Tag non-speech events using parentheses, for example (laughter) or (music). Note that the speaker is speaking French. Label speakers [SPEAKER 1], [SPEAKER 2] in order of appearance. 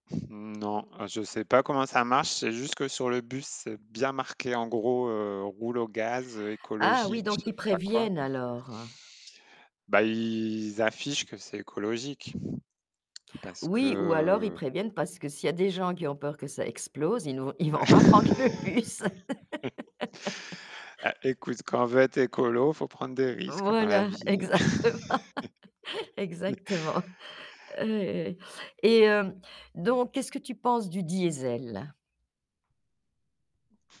[SPEAKER 1] Mmh, non. Heu, je sais pas comment ça marche. Je sais juste que sur le bus, c'est bien marqué en gros, heu: «Roule au gaz
[SPEAKER 2] Ah! Oui,
[SPEAKER 1] écologique», je
[SPEAKER 2] donc
[SPEAKER 1] sais
[SPEAKER 2] ils
[SPEAKER 1] pas quoi.
[SPEAKER 2] préviennent alors, hein.
[SPEAKER 1] Bah ils affichent que c'est écologique parce
[SPEAKER 2] Oui ou alors ils
[SPEAKER 1] que
[SPEAKER 2] préviennent parce que s'il y a des gens qui ont peur que ça explose, ils vont ils vont pas prendre le bus.
[SPEAKER 1] (laughs)
[SPEAKER 2] (laughs)
[SPEAKER 1] Ah écoute, quand on veut être écolo, faut prendre des risques dans la
[SPEAKER 2] Voilà,
[SPEAKER 1] vie.
[SPEAKER 2] exactement, (laughs)
[SPEAKER 1] (laughs)
[SPEAKER 2] exactement. Eh, ouais et hem donc, qu'est-ce que tu penses du diesel?